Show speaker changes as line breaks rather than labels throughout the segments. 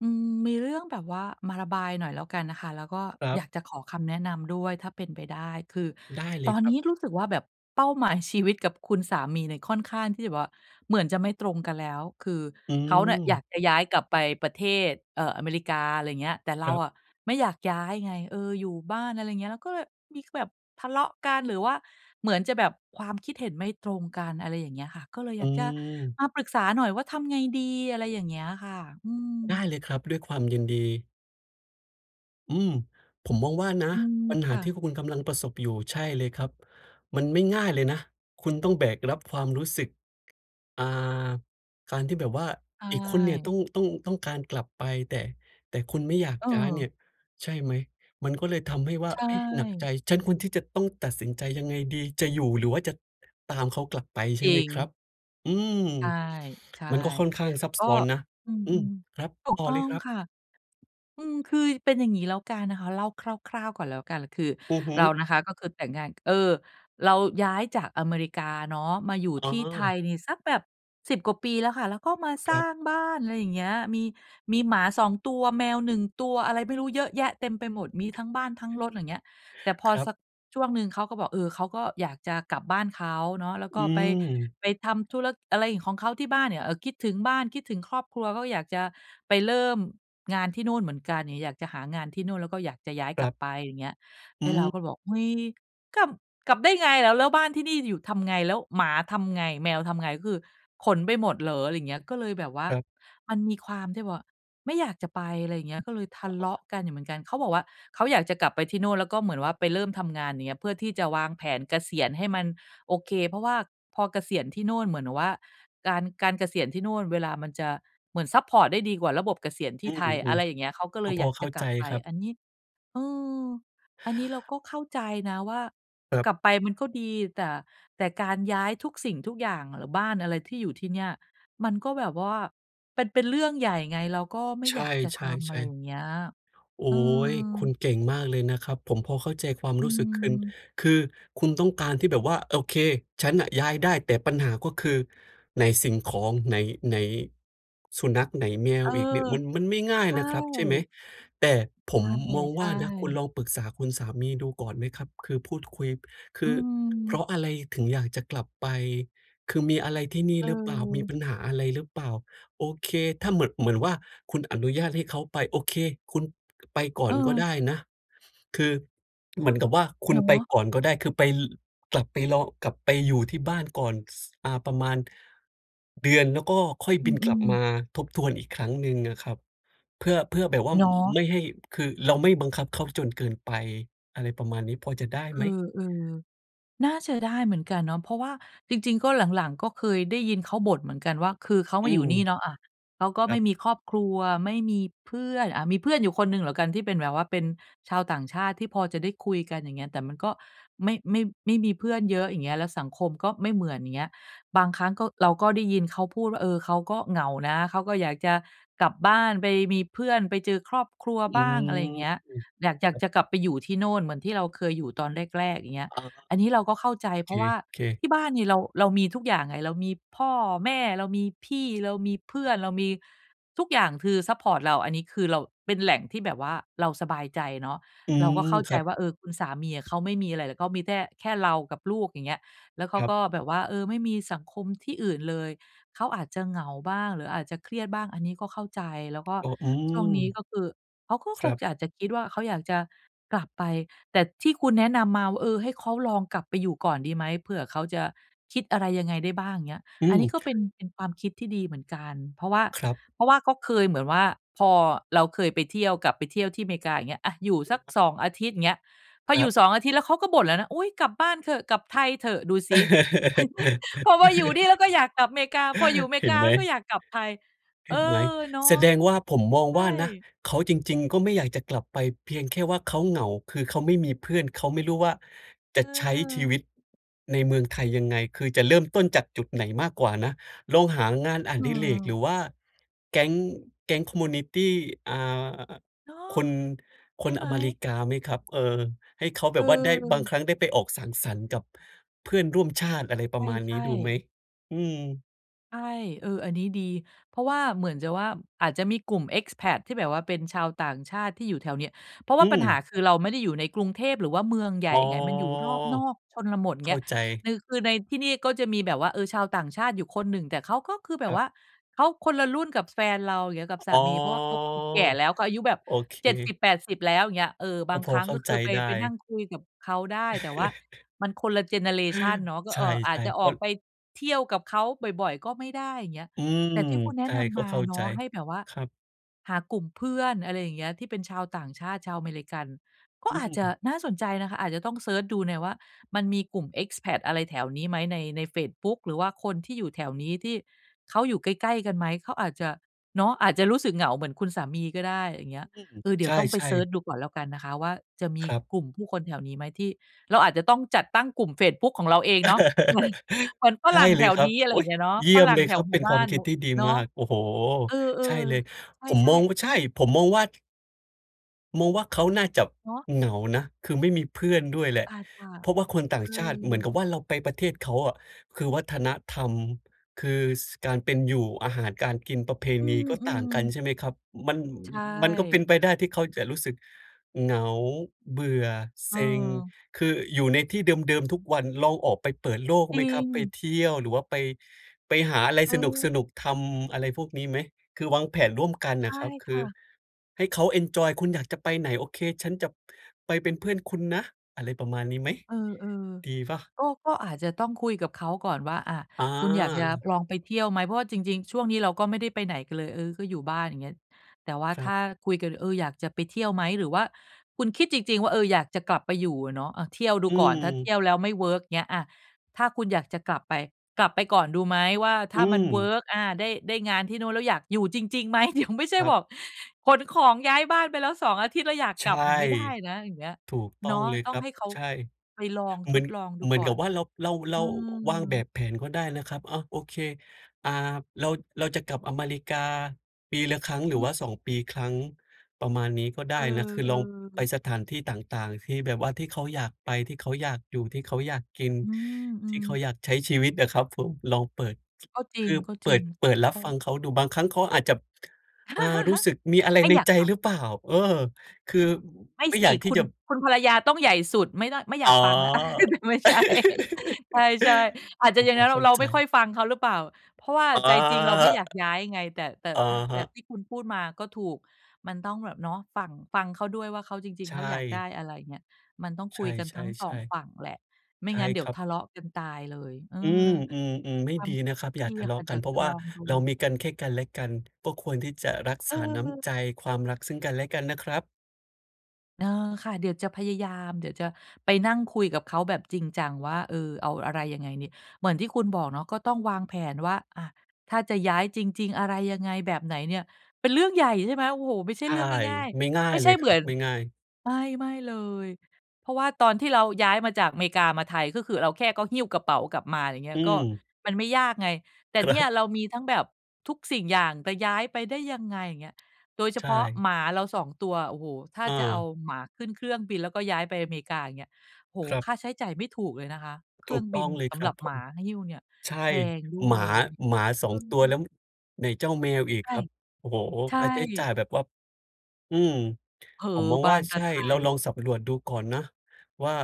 อืม มีเรื่องแบบว่ามาระบายหน่อยแล้วกันค่ะ แล้วก็
ครั
อย
บ
ากจะขอคำแนะนำด้วยถ้าเป็นไปได้ คือ
ได้เล
ตอ
ย
น
ครั
นี้
บ
รู้สึกว่าแบบเป้าหมายชีวิตกับคุณสามีเนี่ยค่อนข้างที่จะแบบว่าเหมือนจะไม่ตรงกันแล้ว คือ
อื
เขาเนี่ยอยา
ม
กจะย้ายกลับไปประเทศ เอ่อ อเมริกา อะไรเงี้ย แต่เร
ค
า
รับ
อะไม่อยากย้ายไง เออ อยู่บ้านอะไรเงี้ย เราก็เลย มี ก แบบทะเลาะกัน หรือว่าเหมือนจะแบบความคิดเห็นไม่ตรงกัน อะไรอย่างเงี้ยค่ะ ก็เลยอ
อ
ย
ื
ากจะ
ม
มาปรึกษาหน่อยว่าทำไงดี? อะไรอย่างเงี้ยค่ะ อื
ได
ม
้เลยครับ ด้วยความยินดี อืม ผมมองว่านะ
อืม
ปัญห
ค
า
่
ท
ะ
ี่คุณกำลังประสบอยู่ ใช่เลยครับ มันไม่ง่ายเลยนะ คุณต้องแบกรับความรู้สึก อ่า การที่แบบว่า
ใช
อีกคนเนี่ยต้อ
่
ง ต้อง ต้องการกลับไป แต่ แต่คุณไม่อยากย้ายเนี่
เออ
ย ใช่ไหม? มันก็เลยทำให้ว่า
ใช่
เอ๊ะ หนักใจ ฉันควรที่จะต้องตัดสินใจยังไงดี? จะอยู่ หรือว่าจะตามเขากลับไปใช
จ
่
ร
ไหม
ิ
ครับ?
ง
อืม
ใช่ ใช่
มันก็ค่อนข้างซับ
ก็
ซ้อนนะ
อื
อืม
ม
ครับ
ๆ ถู
ต
ก
่อ
ต้อ
เลย
ง
ครับ
ค่ะ อืม คือเป็นอย่างงี้แล้วกันนะคะ เล่าคร่าว ๆ ก่อนแล้วกัน คือ
อือฮึ
เรานะคะ ก็คือแต่งงาน เออ เราย้ายจากอเมริกาเนาะ มาอยู่
อ๋
ที่ไท
อ
ยนี่สักแบบ 10 กว่าปีแล้วค่ะ แล้วก็มาส
ค
ร
ร
้
ับ
างบ้าน อะไรอย่างเงี้ย มี มีหมา 2 ตัว แมว 1 ตัว อะไรไม่รู้เยอะแยะเต็มไปหมด มีทั้งบ้านทั้งรถ ไรเงี้ย แต่พอ
ครั
ส
บ
ักช่วงหนึ่งเขาก็บอก "เออ เขาก็อยากจะกลับบ้านเขาเนาะ แล้ว
อ
ก
ื
็ไป
ม
ไปทำธุระอะไรของเขาที่บ้านเนี่ย เอ่อ คิดถึงบ้าน คิดถึงครอบครัวเขาอยากจะไปเริ่มงานที่นู่นเหมือนกัน อย่างเงี้ย อยากจะหางานที่นู่น แล้วก็อยากจะย้าย
ค
ก
ร
ล
ั
ับ
บ
ไป" อย่างเงี้ย
อ
แ
ื
ล้วเรา
ม
ก็เลยบอก "เฮ้ย กลับ กลับได้ไงล่ะ แล้วบ้านที่นี่อยู่ทำไง แล้วหมาทำไง แมวทำไง ก็คือขนไปหมดเหรอ" อะไรอย่างเงี้ย ก็เลยแบบว่า
ครับ
มันมีความที่แบบว่าไม่อยากจะไป อะไรอย่างเงี้ย ก็เลยทะ
อ
เ
๋
ลา
อ
ะกันอยู่เหมือนกัน เขาบอกว่า "เขาอยากจะกลับไปที่โน่น แล้วก็เหมือนว่าไปเริ่มทำงาน อย่างเงี้ย เพื่อที่จะวางแผนเกษียณให้มันโอเค เพราะว่าพอเกษียณที่โน่นเหมือนว่า การ การเกษียณที่นู่นเวลามันจะเหมือนซัปพอร์ตได้ดีกว่าระบบเกษียณท
อ
ี
ื
่ไทย" อะ
ม
ไรอย่างเงี้ย เขาก็
ๆ
เ
ก
ล
็
ย
พ
อย
อ
าก
เข
จ
้
ะ
า
ก
ใ
ล
จ
ับไป
ครับ
อันนี้ เออ อันนี้เราก็เข้าใจนะว่า
ครั
ก
บ
ลับไปมันก็ดี แต่ แต่การย้ายทุกสิ่งทุกอย่าง หรือบ้านอะไรที่อยู่ที่เนี่ย มันก็แบบว่าเป็น เป็นเรื่องใหญ่ไง เราก็ไม่
ใช
อยากจะทำ อะไร
่ ๆ
อย
ๆ
่างเงี้ย
โอ
เ
๊
ออ
ย คุณเก่งมากเลยนะครับ ผมพอเข้าใจความ
อื
รู้สึกคุณ
ม
คือคุณต้องการที่แบบว่า โอเค ฉันน่ะย้ายได้แต่ปัญหา ก็คือไหนสิ่งของ ไหน ไหนสุนัข ไหนแม
เ
ว
ออ
อีกเนี่ย มัน มันไม่ง่าย
ใช
นะครับ ใช่ไหม?
่
แต่ผมมอง
ใช
ว่
่
า นะ คุณ
ๆ
ลองปรึกษาคุณสามีดูก่อนไหมครับ? คือพูดคุย ค
อื
ือเพร
ม
าะอะไรถึงอยากจะกลับไป คือมีอะไรที่นี่หรือเปล่า มี
เออ
ปัญหาอะไรหรือเปล่า โอเค ถ้าเหมือน เหมือนว่า คุณอนุญาตให้เขาไป โอเค คุณไปก่อ
เ
นก็ได
ออ
้นะ คือเหมือนกับว่าคุ
เ
ณ
นา
ไป
ะ
ก่อนก็ได้ คือไป ล กลับไปลอง กลับไปอยู่ที่บ้านก่อน ส อ่า ประมาณ เดือน แล้วก็ค่อย
อ
บ
ื
ินกลั
ม
บม
ๆ
าทบทวนอีกครั้งหนึ่งอะครับ เพื่อ เพื่อแบบว่า
เนาะ
ไม่ให้ คือเราไม่บังคับเขาจนเกินไป อะไรประมาณนี้พอจะได้
เอ
ไหม?
อ ๆ น่าจะได้เหมือนกันเนาะ เพราะว่าจริง ๆ ก็หลัง ๆ ก็เคยได้ยินเขาบ่นเหมือนกันว่า คือเขา
อ
ม
ื
าอยู่
ม
นี่เนาะ อ่า เขาก็
คร
ไ
ั
ม่
บ
มีครอบครัว ไม่มีเพื่อน อ่า มีเพื่อนอยู่คนหนึ่งแล้วกันที่เป็นแบบว่า เป็นชาวต่างชาติที่พอจะได้คุยกัน อย่างเงี้ย แต่มันก็ไม่ ไม่ ไม่มีเพื่อนเยอะ อย่างเงี้ย แล้วสังคมก็ไม่เหมือน อย่างเงี้ย บางครั้งก็ เราก็ได้ยินเขาพูดว่า "เออ เขาก็เหงานะ เขาก็อยากจะกลับบ้านไปมีเพื่อนไปเจอครอบครัว
อื
บ้าง" อะไรอย่า
ม
งเงี้ย
อือ
อยาก อย
ค
าก อ
ร
ย
ั
า
บ
กจะกลับไปอยู่ที่โน่นเหมือนที่เราเคยอยู่ตอนแรก ๆ อย่างเงี้ย
อา
อันนี้เราก็เข้าใจเ
เ
พ
ค
ราะว่า
เค
ที่บ้านเนี่ยเรา เรามีทุกอย่างไง เรามีพ่อแม่ เรามีพี่ เรามีเพื่อน เรามีทุกอย่าง คือซัปพอร์ตเรา อันนี้คือเราเป็นแหล่งที่แบบว่าเราสบายใจเนาะ
อื
เราก
ม
็เข้า
ค
ใจ
รับ
ว่า เออ คุณสามีอะเขาไม่มีอะไร เขามีแท่ แค่เรากับลูก อย่างเงี้ย แล้วเข
ค
า
รับ
ก็แบบว่า เออ ไม่มีสังคมที่อื่นเลย เขาอาจจะเหงาบ้าง หรืออาจจะเครียดบ้าง อันนี้ก็เข้าใจ แล้วก็
อ๋อ อื
ช่
ม
วงนี้ ก็คือเขาก็
ค
ค
รั
ง
บ
อาจจะคิดว่า "เขาอยากจะกลับไป แต่ที่คุณแนะนำมา"เออ ให้เขาลองกลับไปอยู่ก่อนดีไหม เผื่อเขาจะคิดอะไรยังไงได้บ้างเงี้ย
อื
"อันนี้
ม
ก็เป็น เป็นความคิดที่ดีเหมือนกัน เพราะว่า
ครับ
เพราะว่าก็เคยเหมือนว่า พอเราเคยไปเที่ยว กลับไปเที่ยวที่อเมริกาอย่างเงี้ย อ่า อยู่สัก 2 อาทิตย์อย่างเงี้ย พอ
ค
อ
ร
ยู
ั
่
บ
2 อาทิตย์แล้วเขาก็บ่นแล้วนะ"อุ๊ย กลับบ้านเถอะ กลับไทยเถอะ"ดูซิ พอมาอยู่นี่แล้วก็อยากกลับอเมริกา พออยู่อเม
เ
ร
ห
ิ
็
ก
น
า
ไหม?
แล้วก็อยากกลับไทย
เ
เ
ห
อ
็นไหม?
อ เนา
แส
ะ
ดงว่า ผมมอง
ใช
ว่านะ
่
เขา จริง ๆ ก็ไม่อยากจะกลับไปเพียงแค่ว่าเขาเหงา คือเขาไม่มีเพื่อน เขาไม่รู้ว่า จะใช้ชี
เออ
วิต ในเมืองไทยยังไง คือจะเริ่มต้นจากจุดไหนมากกว่านะ ลองหางานอ
เ
ดิเรก ห
ออ
รือว่าแก๊ง แก๊ง คอมมิวนิตี อ่า
เนาะ
คน
ใช
ค
่
น
ไหม?
อเมริกาไหมครับ? เอ่อ ให้เขาแบ
เ
บว่าได้ บาง
ออ
ครั้งได้ไปออกสังสรรค์กับเพื่อนร่วมชาติ อะไรป
ใ
ระมาณน
ช
ี้
่
ดูไหม?
ๆ
อืม
ใช่ เออ อันนี้ดี เพราะว่าเหมือนจะว่า อาจจะมีกลุ่ม Expat ที่แบบว่าเป็นชาวต่างชาติที่อยู่แถวเนี้ย เพราะว
อ
่
ื
าปัญหา
ม
คือเราไม่ได้อยู่ในกรุงเทพหรือว่าเมืองใหญ
อ๋
่
อ
ไง มันอยู่รอบนอก ชนบท
เข
เง
้
ี้
า
ย
ใจ
นือ คือในที่นี่ก็จะมีแบบว่า เออ ชาวต่างชาติอยู่คนหนึ่ง แต่เขาก็คือแบ
ค
บ
รั
ว
บ
่าเขาคนละรุ่นกับแฟนเรา เงี้ย กับส
อ
า
๋อ
มี เพราะว่าเขาคือแก่แล้ว เขาอายุแบบ
โอเค
70-80 แล้ว อย่างเงี้ย เออ บ
ก
า
็
ง
พ
ค
อ
รั้ง
เข้
ก
า
็ค
ใจ
ือไป
ได
ไปน
้
ั่งคุยกับเขาได้ แต่ว่ามันคนละเจเนอเรชันเนาะ ก็
ใช
เอ่อ อาจ
่
จะ
ๆ
อ
ก
อ
็
กไปเที่ยวกับเขาบ่อย ๆ ก็ไม่ได้ อย่างเงี้ย
อืม
แต่ที่คุณแน
ใ
ะ
ช่
น
ก
ำ
็
มา
เข้า
เน
ใจ
าะให้แบบว่า
ครับ
หากลุ่มเพื่อน อะไรอย่างเงี้ย ที่เป็นชาวต่างชาติ ชาวอเมริกัน ก็
อื
อาจจะ
ม
น่าสนใจนะคะ อาจจะต้องเซิร์ชดูหน่อยว่า มันมีกลุ่ม Expat อะไรแถวนี้ไหม ใน ในเฟซบุ๊กหรือว่าคนที่อยู่แถวนี้ ที่เขาอยู่ใกล้ ๆ กันไหม เขาอาจจะ เนาะ อาจจะรู้สึกเหงาเหมือนคุณสามีก็ได้ อย่างเงี้ย
อืม
เออ เดี๋
ใช
ยวต้องไป
่
เซิร์ช
ๆ
ดูก่อนแล้วกันนะคะว่า จะมี
ครับ
กลุ่มผู้คนแถวนี้ไหมที่ เราอาจจะต้องจัดตั้งกลุ่มเฟซบุ๊กของเราเองเนาะ เหมือน เหมือนฝ
ใช่
รั่ง
เ
แ
ล
ถ
ย
ว
ครั
น
บ
ี้ อะไร
โอ
อ
๊
ย่าง
ย
เงี้ยเนาะ
เยี่
ฝ
ยม
รั่
เ
ง
ลย
แถ
คร
ว
ับ
หม
เป
ู่
็น
บ
คว
้
า
า
ม
น
คิ
บ
ด
ุ
ที่ดี
เนา
มา
ะ
ก โอ้โฮ!
เออ
ใช่เลย
ๆ
ผม
ใช
ม
่
อง
ๆ
ว่า ใช่ ผมมองว่า มองว่า เขาน่าจะ
เนาะ
เหงานะ คือไม่มีเพื่อนด้วยแหละ
อาจจะ
เพราะว่าคนต่า
เอ
งชาติ เหมือน
อ
กับว่า เราไปประเทศเขาอะ คือวัฒนธรรม คือ ส การเป็นอยู่ อาหารการกิน ประเพ
อื
ณีก็ต่าง
ม
กัน
ๆ
ใช่ไหมครับ มัน
ใช
มันก็เป็น
่
ไปได้ที่เขาจะรู้สึกเหงา เบื่อ เซ็ง
เออ
คืออยู่ในที่เดิม ๆ ทุกวัน ลองออกไปเปิดโลก
จ
ไ
ร
ห
ิ
มครับ?
ง
ไปเที่ยว หรือว่าไป ไปหาอะไรส
เออ
นุก ๆ ทำ อะไรพวกนี้ไหม? คือวางแผนร่วมกัน
ใช
น่ะ
่
ครับ ค
ค
ื
่
อ
ะ
ให้เขาเอนจอย "คุณอยากจะไปไหน? โอเค ฉันจะไปเป็นเพื่อนคุณนะ" อะไรประมาณนี้ไหม?
เออ
ดีเปล่า?
ๆ ก็ ก็อาจจะต้องคุยกับเขาก่อนว่า อะ
อ
"คุณอยากจะ
า
ลองไปเที่ยวไหม?" เพราะว่าจริง ๆ ช่วงนี้เราก็ไม่ได้ไปไหนกันเลย เออ ก็อยู่บ้าน อย่างเงี้ย แต่ว่า
คร
ถ
ั
้
บ
าคุยกัน "เออ อยากจะไปเที่ยวไหม?" หรือว่าคุณคิดจริง ๆ ว่า เออ อยากจะกลับไปอยู่อะเนาะ อะ เที่ยวดู
อื
ก่อน ถ้าเที
ม
่ยวแล้วไม่เวิร์ก เงี้ย อะ ถ้าคุณอยากจะกลับไป กลับไปก่อนดูไหม? ว่า ถ
อ
้
ื
ามันเวิ
ม
ร์ก อา ได้ ได้งานที่นู่นแล้ว อยากอยู่จริง ๆ ไหม? เดี๋ยวไม่ใช่
ครั
บ
บ
อก ขนของย้ายบ้านไปแล้ว 2 อาทิตย์แล้วอยาก
ใ
ก
ช
ล
่
ับ อือ ไม่ได้นะ อย่างเงี้ย
ถูกต
เ
้
น
อ
าะ
งเลย
ต
ค
้อ
ร
ง
ับ
ให้เขา
ใช่
ไปลอง
เห
ท
มือน
ดลองดู
เหมือ
ก
น
่อ
กั
น
บว่า เรา เรา เร
อ
า
ื
วางแบบ
ม
แผนก็ได้นะครับ อะ โอเค อ่า เรา เราจะกลับอเมริกาปีละครั้ง หร
อ
ื
ื
อว
ม
่า 2 ปีครั้ง ประมาณนี้ก็ได
เ
้
อ
นะ คือลองไป
อ ๆ
สถานที่ต่าง ๆ ที่แบบว่าที่เขาอยากไป ที่เขาอยากอยู่ ที่เขาอยากกิน
อื
ที่
ม
เขา
ๆ
อยากใช้ชีวิตอะครับผม ลองเปิด
ก็จ
ค
ร
ือเปิ
ิ
ด
ง
เปิด ร
ๆ
ั
เพ
บ
รา
ฟ
ะ
ังเขาดู บางครั้งเขาอาจจะ อ่า รู้สึกมีอะไร
ไม่
ใน
อยาก
ใจ
กลั
หร
บ
ือเปล่า เออ คือ
ไม่
ไม่
ส
อยา
ิ
กที
ค
่
ุ
จ
ณ
ะ
คุณภรรยาต้องใหญ่สุด ไม่ได้ ไม่อย
อ๋
า
อ
กฟังแล้ว อะ ไม่ใช่ ใช่ ๆ อาจจ
ก
ะ
็
อย่า
พ
งง
อ
ั้น ร
เข้า
เรา
ใจ
ไม่ค่อยฟังเขาหรือเปล่า เพราะว่า
อ๋อ
ใจจริงเราไม่อยากย้ายไง แต่ แต่
อะ
อา แ
ฮ
ต่
ะ
ที่คุณพูดมาก็ถูก มันต้องแบบ เนาะ ฝั่ง ฟังเขาด้วยว่า เขา จริง
ใช
ๆ เขาอยากได
่
้อะไร เงี้ย มันต้องค
ใช
ุย
่
กันทั้ง
ๆ
2 ฝั่งแหละ ไม
ๆ
่
ใช่
งั้นเดี๋
ค
ยว
รั
ท
บ
ะเลาะกันตายเลย เออ
อืม ๆ ๆ ไม่
ๆ ฟั
ด
ง
ีนะครับ อย่
น
า
ี่
ท
แหล
ะเ
ะ
ลา
ค่
ะ
ะ เ
ก
ดี
ั
๋ย
น
ว
เพรา
จะ
ะว
ล
่า
องด
เราม
ู
ีกันแค่กันและกัน ก็ควรที่จะรัก
เ
ษาน้
ออ
ำใจ ความรักซึ่งกันและกันนะครับ
เออ ค่ะ เดี๋ยวจะพยายาม เดี๋ยวจะไปนั่งคุยกับเขาแบบจริงจังว่า เออ เอาอะไรยังไงเนี่ย เหมือนที่คุณบอกเนาะก็ต้องวางแผนว่า อะ ถ้าจะย้ายจริง ๆ อะไรยังไง แบบไหนเนี่ย เป็นเรื่องใหญ่ ใช่ไหม โอ้โฮ! ไม่ใช
ใ
่
ช
เ
่
รื่องง่าย
ไม่ง่า
ๆ ไม
ย
่ใ
เล
ช่
ย
เ
ค
หม
ร
ื
ั
อ
บ
น
ไม่ง่าย
ไม่ ๆ เลย เพราะว่าตอนที่เราย้ายมาจากอเมริกามาไทย ก็คือเราแค่ก็หิ้วกระเป๋ากลับมา อะไรเงี้
อื
ย ก็
ม
มันไม่ยากไง แต่
คร
เนี่ย
ับ
เรามีทั้งแบบทุกสิ่งอย่าง จะย้ายไปได้ยังไง อย่างเงี้ย โดยเฉ
ใช
พาะ
่
หมาเรา 2 ตัว โอ้โฮ ถ้า
อ
จะเอา
า
หมาขึ้นเครื่องบินแล้วก็ย้ายไปอเมริกา อย่างเงี้ย โอ้โ
ค
ฮ
รั
ค
บ
่าใช้จ่ายไม่ถูกเลยนะคะ เค
ถ
รื่
ู
อ
ก
ง
ต
บ
้
ิ
อ
น
งเลย
ส
ค
ำ
ร
ห
ั
ร
บ
ับ
ผ
หม
ม
าหิ้วเนี่ย
ใช
แ
่
พงด้
หม
วย
า
ไรเงี้ย
หมา สอ
อื
ง ตัวแล
ม
้วไหนเจ้าแมวอีก
ใช
ค
่
รับ โอ้โฮ้
ใช
ค่าใช้จ่
่
ายแบบว่า อืม
เผลอ
ผมมอง
บ
ว่
า
า
นต
ใช
ะ
่
ไท
เราลองสำรวจดูก่อนนะว่า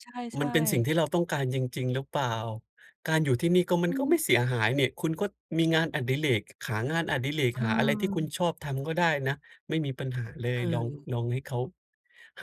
ใช
มัน
่
เป็นสิ่ง
ๆ
ที่เราต้องการจริง ๆ หรือเปล่า? การอยู่ที่นี่ก็ มั
อ
น
ื
ก็ไ
ม
ม่เสียหายนี่ คุณก็มีงานอดิเรก หางานอดิเรก
เ
หาอะไรที่คุณ
ออ
ชอบทำก็ได้นะ ไม่มีปัญหาเลย ลอง
เออ
ลองให้เขา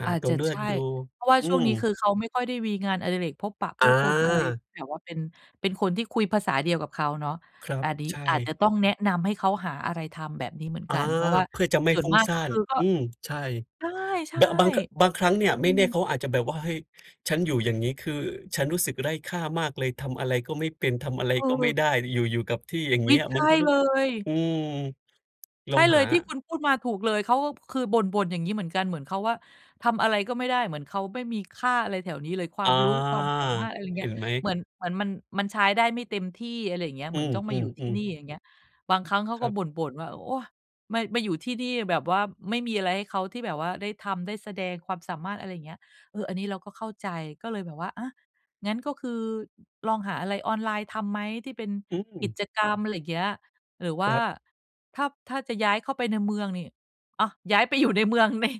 หา
อาจ
ตั
จ
ว
ะ
เลื
ใ
อ
ช
ด
่
ดู
เพราะว่า
อื
ช่วงนี้
ม
คือเขาไม่ค่อยได้มีงานอดิเรกพบปะผู้คนอะไร
อา
แบบว่าเป็น เป็นคนที่คุยภาษาเดียวกับเขาเนาะ
ครั
อ
บ
า นี้
ใช
อาจจะ
่
ต้องแนะนำให้เขาหาอะไรทำแบบนี้เหมือน
อา
กัน เพราะว่า
เพื่อจะไม่
ส่ว
ฟ
น
ุ่
ม
ง
าก
ซ่
ก็
า
ค
น
ือ ก็
อืม ใช่
ใช่
บ บาง ค บา
ๆ
งครั้งเนี่ย
อ
ไ
ื
ม่แน่เ
ม
ขาอาจจะแบบว่า เฮ้ย ฉันอยู่ อย่างงี้ คือฉันรู้สึกไร้ค่ามากเลย ทำอะไรก็ไม่เป็น ทำอะไร
เอ
ก็ไม่
อ
ได้ อยู่ อยู่กับที่ อย่าง
อ
เง
ุ
ี
๊
้
ย!
ย
ใช
มัน
่
ก็รู้
เลย
อืม ล
ใช
อ
่
ง
เล
หา
ย ที่คุณพูดมาถูกเลย เขาอะคือบ่น ๆ อย่างงี้เหมือนกัน เหมือนเขาว่า ทำอะไรก็ไม่ได้ เหมือนเขาไม่มีค่าอะไรแถวนี้เลย คว
อ
า
า
มรู้ ความสามารถ อะไรเ
เห
งี้
็
ย
นไหม?
เหมือน เหมือนมัน มันใช้ได้ไม่เต็มที่ อะไรอย่างเงี้ย
อ
เห
ื
มือนต้องมาอยู่ที่
อ
นี
ๆ ๆ
่ อย่างเงี้ย บางครั้งเขา
ค
ก
ร
็
ับ
บ่น ๆ ว่า โอ๊ย มา มาอยู่ที่นี่แบบว่า ไม่มีอะไรให้เขา ที่แบบว่าได้ทำได้แสดงความสามารถ อะไรอย่างเงี้ย เออ อันนี้เราก็เข้าใจ ก็เลยแบบว่า อ๊ะ งั้นก็คือลองหา อะไรออนไลน์ทำไหมที่เป็น
อื
กิ
ม
จกรรม อะไรอย่างเงี้ย หรือว่
ค
า
รับ
ถ้า ถ้าจะย้ายเข้าไปในเมืองนี่ อะ ย้ายไปอยู่ในเมืองเนี่ย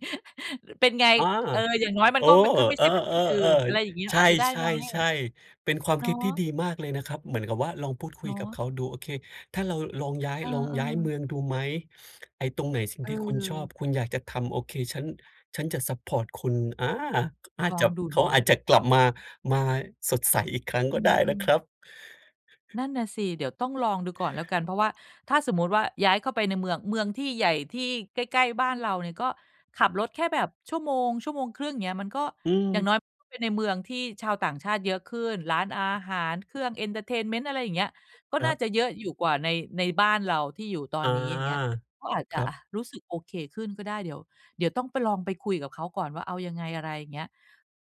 เป็นไง?
อา
เออ อย่างน้อยม
โ
ัน
อ้
ก็ไม่ ข ไม่
เ
ใ
อ
ช
อ
่ประเทศอื่น อะไรอย
ๆ
่างเงี้ย
ๆ ใช
อาจจะได้ไหม? อะไรอย่าง
่
เงี้ย
ๆ ๆ เป็นความ
เนา
คิดที่
ะ
ดีมากเลยนะครับ เหมือนกับว่า ลองพูดค
เ
ุ
น
ย
า
กับ
ะ
เขาดู โอเค ถ้าเราลองย้าย
เออ
ลองย้ายเม
ๆ
ืองดูไหม? ไอ้ตรงไหนสิ่งที่คุณชอบ
เออ
คุณอยากจะทำ โอเค ฉัน ฉันจะซัปพอร์ตคุณ อา อาจ
ลอ
จ
ง
ะ
ดู
เข
เน
า
าะ
อาจจะกลับมา มาสดใสอีกครั้ง
อ
ก
ื
็ได้นะ
ม
ค
ๆ
รับ
นั่นน่ะสิ เดี๋ยวต้องลองดูก่อนแล้วกัน เพราะว่าถ้าสมมุติว่า ย้ายเข้าไปในเมือง เมืองที่ใหญ่ ที่ใกล้ ๆ บ้านเราเนี่ยก็ขับรถแค่แบบ 1-1.5 ชั่วโมง เงี้ย มันก็
อื
อย่า
ม
งน้อยไปในเมืองที่ชาวต่างชาติเยอะขึ้น ร้านอาหาร เครื่อง เอนเทอร์เทนเมนต์ อะไรอย่างเงี้ย ก็
ค
น
ร
่
ั
า
บ
จะเยอะอยู่กว่าใน ในบ้านเราที่อยู่ตอ
อ
น
า
นี้ อย่างเงี้ย ก็อาจ
ค
จะ
รั
อะ
บ
รู้สึกโอเคขึ้นก็ได้ เดี๋ยว เดี๋ยวต้องไป ลองไปคุยกับเขาก่อนว่าเอายังไง? อะไรอย่างเงี้ย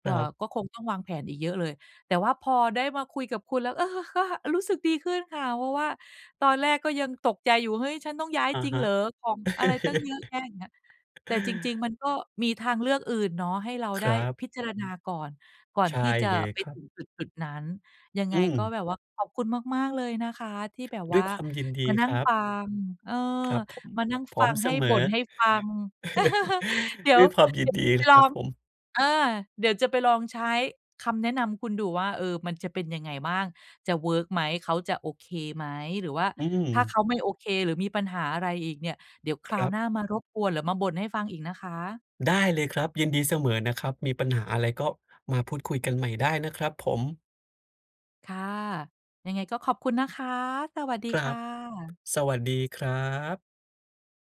เ
ค
อ่
ร
อ
ับ
ก็คงต้องวางแผนอีกเยอะเลย แต่ว่าพอได้มาคุยกับคุณแล้ว เออ ก็ อา รู้สึกดีขึ้นค่ะ เพราะว่าตอนแรกก็ยังตกใจอยู่ เฮ้ย ฉันต้องย้าย
อะ
จริง
ฮ
เห
ะ
รอ? ของอะไรตั้งเยอะแยะ อย่างเงี้ย แต่จริง ๆ มันก็มีทางเลือกอื่นเนาะ ให้เรา
ค
ได้
รับ
พิจารณาก่อน ก่อน
ใช่
ที่จะ
เลย
ไป
ครั
ถึ
บ
งจุด ๆ นั้น ยังไ
อ
ง
ื
ก็
ม
แบบว่าขอบคุณมาก ๆ เลยนะคะ ที่แบบ
ด
ว
้
่
วย
า
ความยินด
ม
ี
านั่
ค
ง
รั
ฟ
บ
ัง เออ
ครับผม
มานั่ง
พร
ฟ
้อ
ั
ม
ง
เ
ใ
ส
ห้
ม
บ
อ
่นให้ฟัง เดี๋ย
ด้
ว
วยความย
เ
ิ
ดี
น
๋ยว
ดี
จะไป
ค
ลอ
รับ
ง
ผม
เออ เดี๋ยวจะไปลองใช้คำแนะนำคุณดูว่า เออ มันจะเป็นยังไงบ้าง? จะเวิร์กไหม เขาจะโอเคไหม? หรือว่า
อื
ถ้าเข
ม
าไม่โอเค หรือมีปัญหาอะไรอีกเนี่ย เดี๋ยวคร
ค
า
ร
ว
ับ
หน้ามารบกวนหรือมาบ่นให้ฟังอีกนะคะ
ได้เลยครับ ยินดีเสมอนะครับ มี ปัญหาอะไร ก็มาพูดคุยกันใหม่ได้นะครับผม
ค่ะ ยังไงก็ขอบคุณนะคะ สวัสดี
คร
ค
ั
่
บ
ะ
สวัสดีครับ